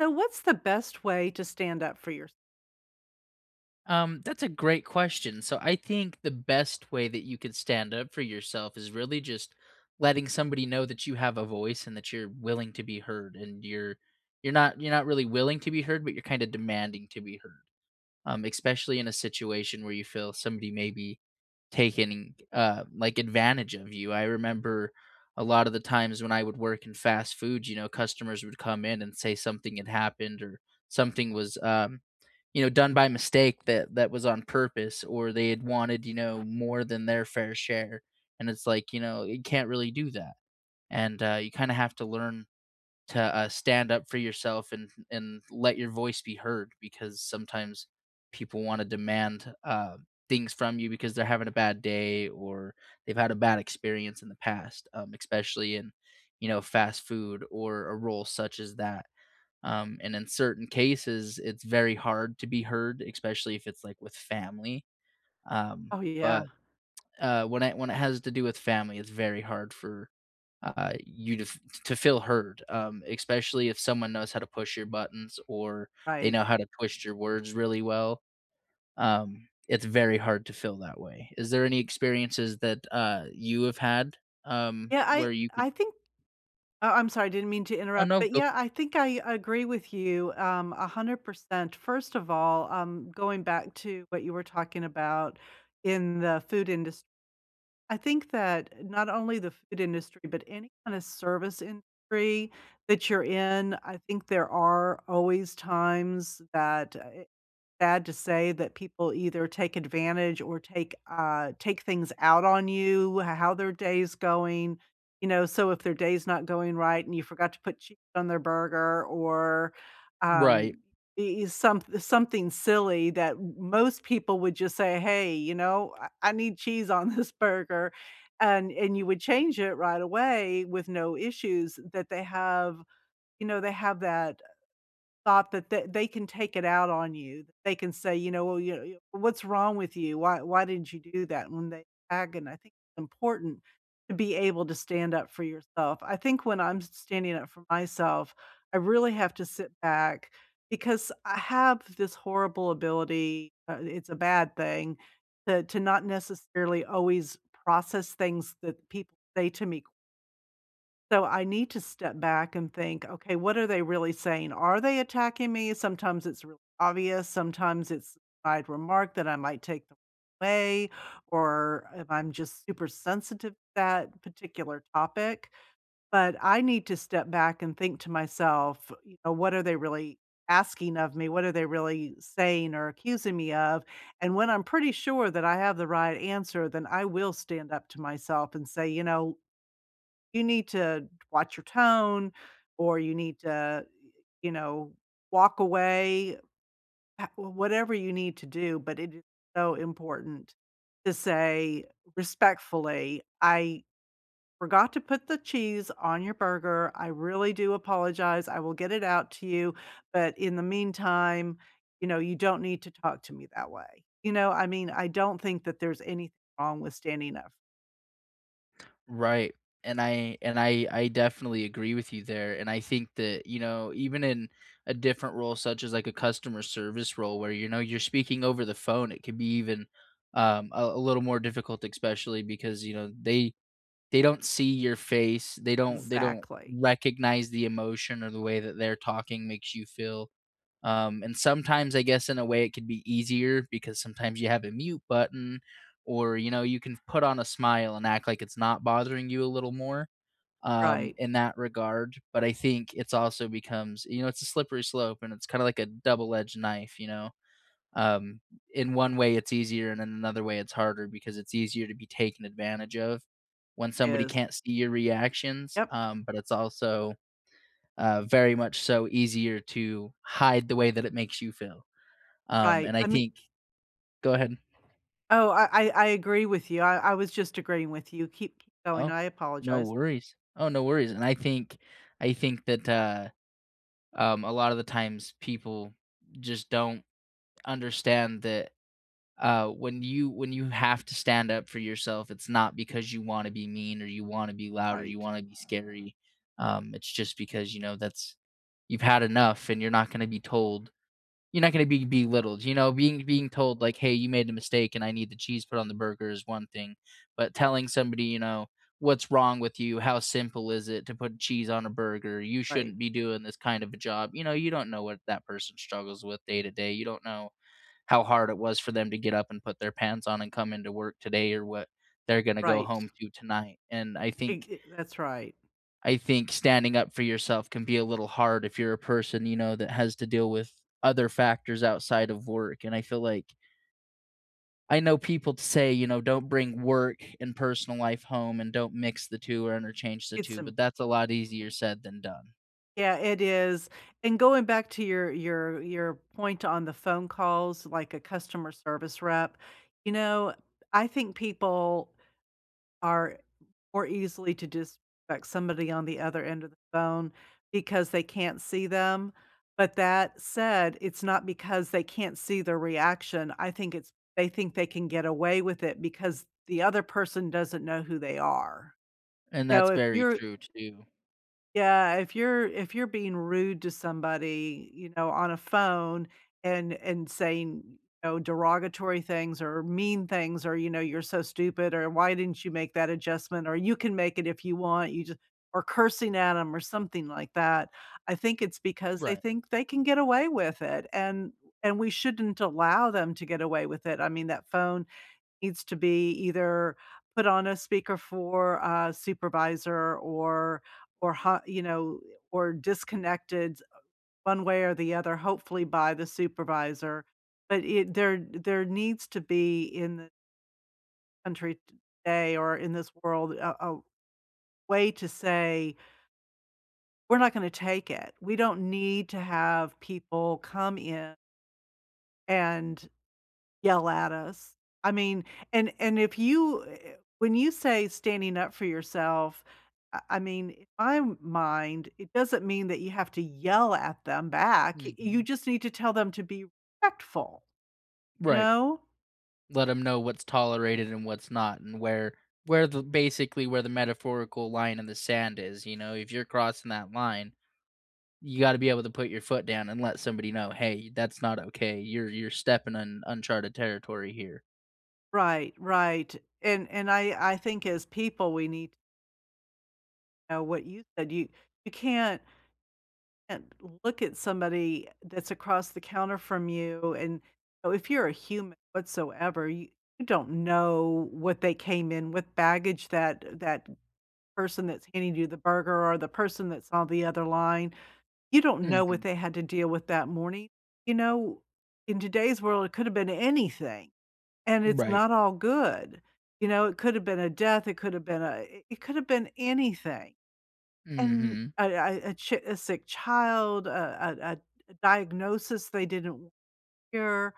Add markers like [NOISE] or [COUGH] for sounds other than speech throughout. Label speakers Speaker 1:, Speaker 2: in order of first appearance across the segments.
Speaker 1: So what's the best way to stand up for yours
Speaker 2: Um, that's a great question, so I think the best way that you could stand up for yourself is really just letting somebody know that you have a voice and that you're willing to be heard, and you're you're not you're not really willing to be heard, but you're kinda demanding to be heard. Um, especially in a situation where you feel somebody may be taking, uh, like, advantage of you. I remember a lot of the times when I would work in fast food, you know, customers would come in and say something had happened or something was, um, you know, done by mistake that that was on purpose or they had wanted, you know, more than their fair share, and it's, like, you know, you can't really do that, and, uh, you kinda have to learn to, uh, stand up for yourself and and let your voice be heard, because sometimes people wanna demand, uh, things from you because they're having a bad day or they've had a bad experience in the past, um, especially in, you know, fast food or a role such as that, um, and in certain cases, it's very hard to be heard, especially if it's, like, with family, um,
Speaker 1: Oh, yeah.
Speaker 2: but, when it when it has to do with family, it's very hard for, uh, you to f to feel heard, um, especially if someone knows how to push your buttons or they
Speaker 1: Right.
Speaker 2: know how to twist your words really well. Um, it's very hard to feel that way. Is there any experiences that, uh, you have had, um,
Speaker 1: Yeah, I
Speaker 2: where you [UNINTELLIGIBLE]
Speaker 1: I think oh, I'm sorry, I didn't mean to
Speaker 2: Oh
Speaker 1: interrupt.
Speaker 2: no,
Speaker 1: But,
Speaker 2: go
Speaker 1: yeah, I think I agree with you, um, 100%. First of all, um, going back to what you were talking about in the food indust I think that not only the food industry, but any kind of service industry that you're in, I think there are always times that, I sad to say, that people either take advantage or take uh, take things out on you, how their day is going. You know, so if their day is not going right and you forgot to put cheese on their burger, or,
Speaker 2: Right.
Speaker 1: um, e e some something silly that m most people would just say, "Hey, you know, I I need cheese on this burger," and and you would change it right away with no issues that they have, you know, they have that, uh, thought that th they can take it out on you. They can say, "You know, well, you you, what's wrong with you? Why why didn't you do that?" And they agoni I think important to be able to stand up for yourself. I think when I'm s standing up for myself, I really have to sit back, because I have this horrible ability uh, i it's a bad thing- to to not necessarily always process things that people say to me so I need to step back and think, "Okay, what are they really saying? Are they attacking me?" Sometimes it's really obvious, sometimes it's I'd remark that I might take them away, or if I'm just super sensitive to that particular topic, but I need to step back and think to myself, you know, "What are they really asking of me? What are they really saying or accusing me of," and when I'm pretty sure that I have the right answer, then I will stand up to myself and say, "You know, you need to watch your tone, or you need to, you know, walk away," uh, w whatever you need to do, but it is so important to say respectfully, "I forgot to put the cheese on your burger, I really do apologize, I will get it out to you, but in the meantime, you know, you don't need to talk to me that way." You know? I mean, I don't think that there's anything wrong with standing up.
Speaker 2: Right. And I and I I definitely agree with you there, and I think that, you know, even in a different role such as, like, a customer service role where, you know, you're speaking over the phone, it could be even, um, a a little more difficult especially because, you know, they they don't see your face. They don't they don't
Speaker 1: Exactly.
Speaker 2: recognize the emotion or the way that they're talking makes you feel, um, and sometimes, I guess, in a way, it could be easier because sometimes you have a mute button or, you know, you can put on a smile and act like it's not bothering you a little more, um,
Speaker 1: Right.
Speaker 2: in that regard. But I think it's also becomes, you know, it's a slippery slope, and it's kinda like a double edged knife. You know? Um, in one way, it's easier, and in another way, it's harder because it's easier to be taken advantage of when somebody
Speaker 1: Yes.
Speaker 2: can't see your reactions,
Speaker 1: Yep.
Speaker 2: um, but it's also, uh, very much so easier to hide the way that it makes you feel. Um,
Speaker 1: Right.
Speaker 2: and I
Speaker 1: I mean
Speaker 2: think go ahead.
Speaker 1: Oh I I I agree with you. I I was just agreeing with you. Keep k going.
Speaker 2: Oh,
Speaker 1: I
Speaker 2: no
Speaker 1: apologize.
Speaker 2: worries. Oh, no worries. And I think I think that, uh, um, a lot of the times, people just don't understand that, uh, when you when you have to stand up for yourself, it's not because you wanna be mean or you wanna be loud or you
Speaker 1: Right.
Speaker 2: wanna be scary. Um, it's just because, you know, that's you've had enough and you're not gonna be told you're not gonna be belittled. You know? Being being told, like, "Hey. You made a mistake, and I need the cheese put on the burger," is one thing. But telling somebody, you know, "What's wrong with you? How simple is it to put cheese on a burger? You
Speaker 1: Right.
Speaker 2: shouldn't be doing this kind of a job." You know? You don't know what that person struggles with day to day. You don't know how hard it was for them to get up and put their pants on and come into work today or what they're gonna go
Speaker 1: Right.
Speaker 2: home to tonight. And I
Speaker 1: Eh
Speaker 2: think
Speaker 1: I That's right.
Speaker 2: I think standing up for yourself can be a little hard if you're a person, you know, that has to deal with other factors outside of work, and I feel like I know people say, you know, don't bring work and personal life home and don't mix the 2 or interchange the
Speaker 1: It's
Speaker 2: 2,
Speaker 1: m
Speaker 2: but that's a lot easier said than done.
Speaker 1: Yeah, it is. And going back to your your your point on the phone calls, like a customer service rep, you know, I think people are more easily to dis spect somebody on the other end of the phone because they can't see them, but that said, it's not because they can't see their reaction. I think it's they think they can get away with it because the other person doesn't know who they are.
Speaker 2: And
Speaker 1: You know,
Speaker 2: that's
Speaker 1: if
Speaker 2: very
Speaker 1: you're
Speaker 2: true too.
Speaker 1: yeah, if you're if you're being rude to somebody, you know, on a phone and and saying, you know, derogatory things or mean things or, you know, "You're so stupid" or "Why didn't you make that adjustment" or "You can make it if you want," you just or cursing at 'em or something like that. I think it's because they
Speaker 2: Right.
Speaker 1: think they can get away with it, and and we shouldn't allow them to get away with it. I mean, that phone needs to be either put on a speaker for a supervisor or or how you know or disconnected one way or the other, hopefully by the supervisor. But i there there needs to be in the country today or in this world a a way to say ""e're not gonna take it. We don't need to have people come in" "and yell at us." I mean and and if you eh eh when you say standing up for yourself, I I mean, in my mind, it doesn't mean that you have to yell at them back. Y you
Speaker 2: Mhm.
Speaker 1: just need to tell them to be respectful. You
Speaker 2: Right.
Speaker 1: know?
Speaker 2: Let 'em know what's tolerated and what's not and where where the basically where the metaphorical line in the sand is. You know? If you're crossing that line, you gotta be able to put your foot down and let somebody know, "Hey, that's not okay. You're you're stepping on uncharted territory here."
Speaker 1: Right, right. And and I I think as people, we need Know what you do you you can't can't look at somebody that's across the counter from you, and know if you're a human whatsoever, you don't know what they came in with, baggage that that person that's handing you the burger or the person that's on the other line, you don't know what
Speaker 2: Mhm.
Speaker 1: they had to deal with that morning. You know, in today's world, it could have been anything, and
Speaker 2: Mm,
Speaker 1: it's
Speaker 2: right.
Speaker 1: not all good. You know? It could've been a death, it could've been a eh it could have been anything. An
Speaker 2: Mhm.
Speaker 1: a a a chi a sick child, a a a diagnosis they didn't wa hear.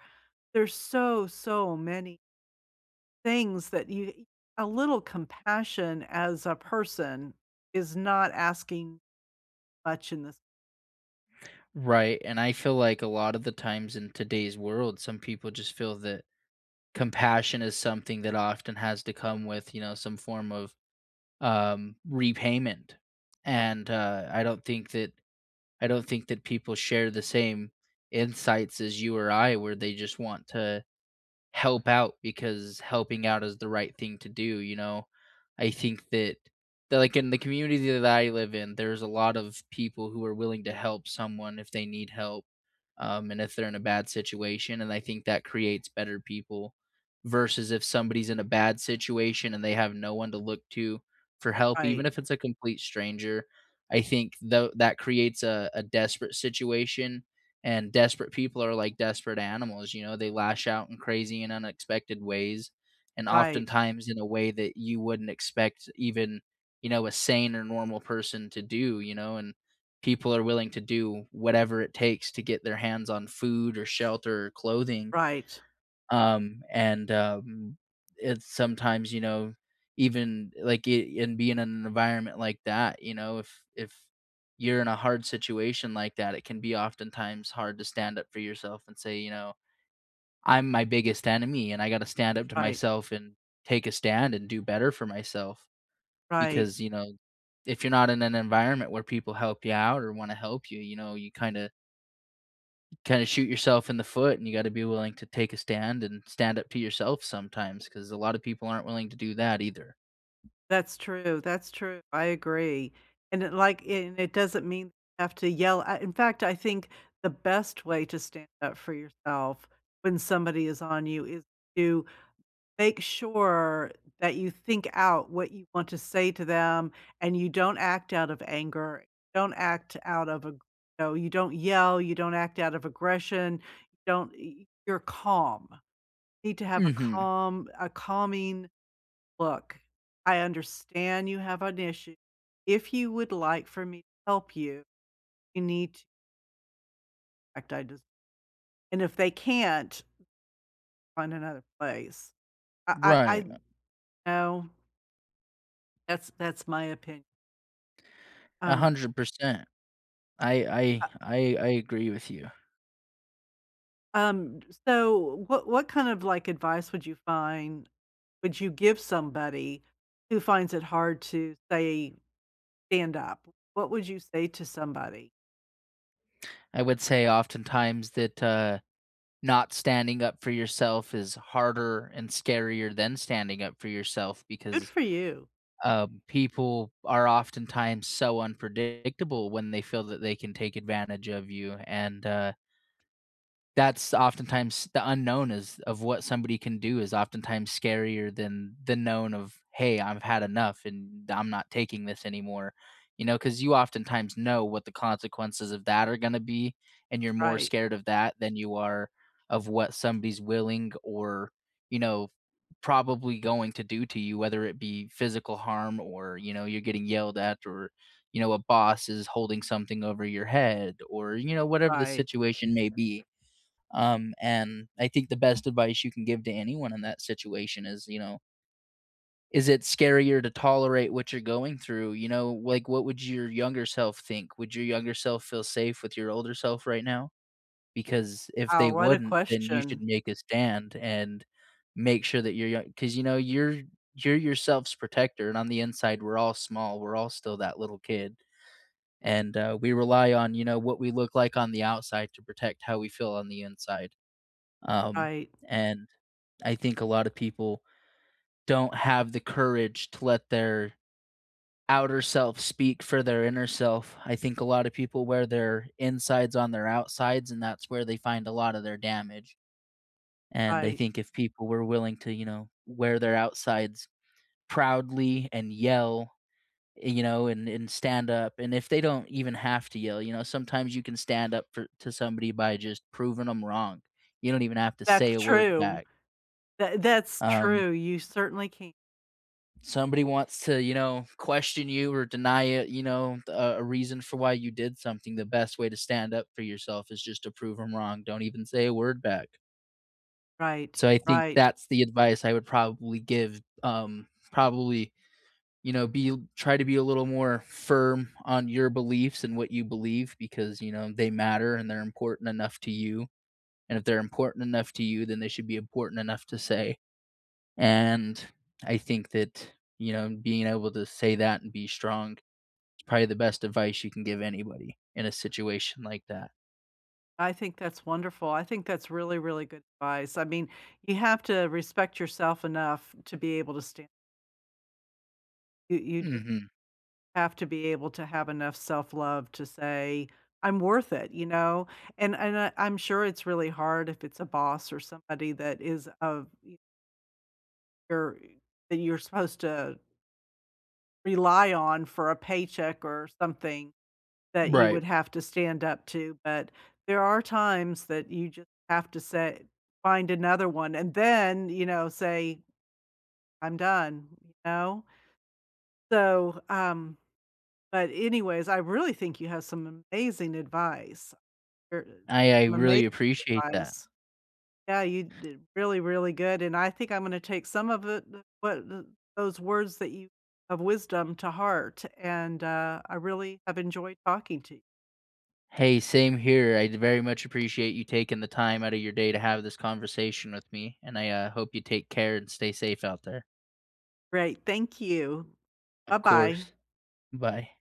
Speaker 1: There's so, so many things that you a little compassion as a person is not asking much in this
Speaker 2: Right, and I feel like a lot of the times in today's world, some people just feel that compassion is something that often has to come with, you know, some form of, um, repayment. And, uh, I don't think that I don't think that people share the same insights as you or I where they just want to help out because helping out is the right thing to do, you know? I think that, like that like in the community that I live in, there's a lot of people who are willing to help someone if they need help, um, and if they're in a bad situation and I think that creates better people versus if somebody's in a bad situation and they have no one to look to for help even
Speaker 1: Right.
Speaker 2: if it's a complete stranger. I think tho that creates a a desperate situation, and desperate people are like desperate animals, you know, they lash out in crazy and unexpected ways and
Speaker 1: Right.
Speaker 2: oftentimes in a way that you wouldn't expect even, you know, a sane or normal person to do, you know, and people are willing to do whatever it takes to get their hands on food or shelter or clothing.
Speaker 1: Right.
Speaker 2: Um, and, um, it's sometimes, you know, even, like, in being in an environment like that, you know, if if you're in a hard situation like that, it can be oftentimes hard to stand up for yourself and say, you know, "I'm my biggest enemy, and I gotta stand up to
Speaker 1: Right.
Speaker 2: myself and take a stand and do better for myself."
Speaker 1: Right.
Speaker 2: Because, you know, if you're not in an environment where people help you out or wanna help you, you know, you kinda kinda shoot yourself in the foot, and you gotta be willing to take a stand and stand up to yourself sometimes 'cause a lot of people aren't willing to do that either.
Speaker 1: That's true, that's true, I agree, and it, like, and it doesn't mean you have to yell, ah in fact, I think the best way to stand up for yourself when somebody is on you is to make sure that you think out what you want to say to them, and you don't act out of anger, don't act out of you you don't yell, you don't act out of aggression, don't y y you're calm. You need to have a
Speaker 2: Mhm.
Speaker 1: calm a calming look. "I understand you have an issue. If you would like for me to help you, you need t" act I des And if they can't find another place. I I I
Speaker 2: Right, a
Speaker 1: know. that's that's my opin
Speaker 2: a
Speaker 1: Um
Speaker 2: hundred percent. I
Speaker 1: I
Speaker 2: I I I agree with you.
Speaker 1: Um, so, what what kind of, like, advice would you find would you give somebody who finds it hard to say, stand up? What would you say to somebody?
Speaker 2: I would say oftentimes that, uh, not standing up for yourself is harder and scarier than standing up for yourself
Speaker 1: Good
Speaker 2: because,
Speaker 1: for you.
Speaker 2: um, people are oftentimes so unpredictable when they feel that they can take advantage of you, and, uh that's oftentimes the unknown is of what somebody can do is oftentimes scarier than the known of, "Hey, I've had enough, and I'm not taking this anymore." You know, 'cause you oftentimes know what the consequences of that are gonna be, and you're more
Speaker 1: Right.
Speaker 2: scared of that than you are of what somebody's willing or, you know, probably going to do to you, whether it be physical harm or, you know, you're getting yelled at or, you know, a boss is holding something over your head or, you know, whatever the
Speaker 1: Right.
Speaker 2: situation may be. Um, and I think the best advice you can give to anyone in that situation is, you know "is it scarier to tolerate what you're going through, you know, like, what would your younger self think, would your younger self feel safe with your older self right now?" Because if
Speaker 1: Oh,
Speaker 2: they
Speaker 1: what a
Speaker 2: wouldn't, then you should
Speaker 1: question.
Speaker 2: make a stand and make sure that you're young 'cause, you know, you're you're yourself's protector, and on the inside, we're all small we're all still that little kid. And, uh, we rely on, you know, what we look like on the outside to protect how we feel on the inside. Um,
Speaker 1: Right.
Speaker 2: and I think a lot of people don't have the courage to let their outer self speak for their inner self, I think a lot of people wear their insides on their outsides, and that's where they find a lot of their damage. And I
Speaker 1: Right.
Speaker 2: think if people were willing to, you know, wear their outsides proudly and yell, eh, you know, and and stand up, and if they don't even have to yell, you know, sometimes you can stand up for to somebody by just proving 'em wrong. You don't even have to say
Speaker 1: That's
Speaker 2: a word
Speaker 1: true.
Speaker 2: back.
Speaker 1: Tha that's
Speaker 2: Um
Speaker 1: true, you certainly ca
Speaker 2: Somebody wants to, you know, question you or deny it, you know, a a reason for why you did something, the best way to stand up for yourself is just to prove 'em wrong, don't even say a word back.
Speaker 1: Right,
Speaker 2: So, I think
Speaker 1: right.
Speaker 2: that's the advice I would probably give, um, probably, you know, be "Try to be a little more firm on your beliefs and what you believe, because, you know, they matter and they're important enough to you. And, if they're important enough to you, then they should be important enough to say." And, I think that, you know, being able to say that and be strong is probably the best advice you can give anybody in a situation like that.
Speaker 1: I think that's wonderful. I think that's really, really good advice. I mean, you have to respect yourself enough to be able to stan You you ju
Speaker 2: Mhm.
Speaker 1: have to be able to have enough self love to say, "I'm worth it." You know? And and I I'm sure it's really hard if it's a boss or somebody that is of e or that you're supposed to rely on for a paycheck or something that you
Speaker 2: Right.
Speaker 1: would have to stand up to. But there are times that you just have to say "Find another one," and then, you know, say, "I'm done." You know? So, um but, anyways, I really think you have some amazing advice. You're
Speaker 2: I I
Speaker 1: amazing
Speaker 2: really appreciate that.
Speaker 1: advice. Yeah, you did really, really good. And I think I'm gonna take some of the the what th those words that you of wisdom to heart, and, uh, I really have enjoyed talking to you.
Speaker 2: Hey, same here. I'd very much appreciate you taking the time outta your day to have this conversation with me, and I, uh, hope you take care and stay safe out there.
Speaker 1: Great, thank you.
Speaker 2: Of
Speaker 1: Buh-bye.
Speaker 2: course. Bye.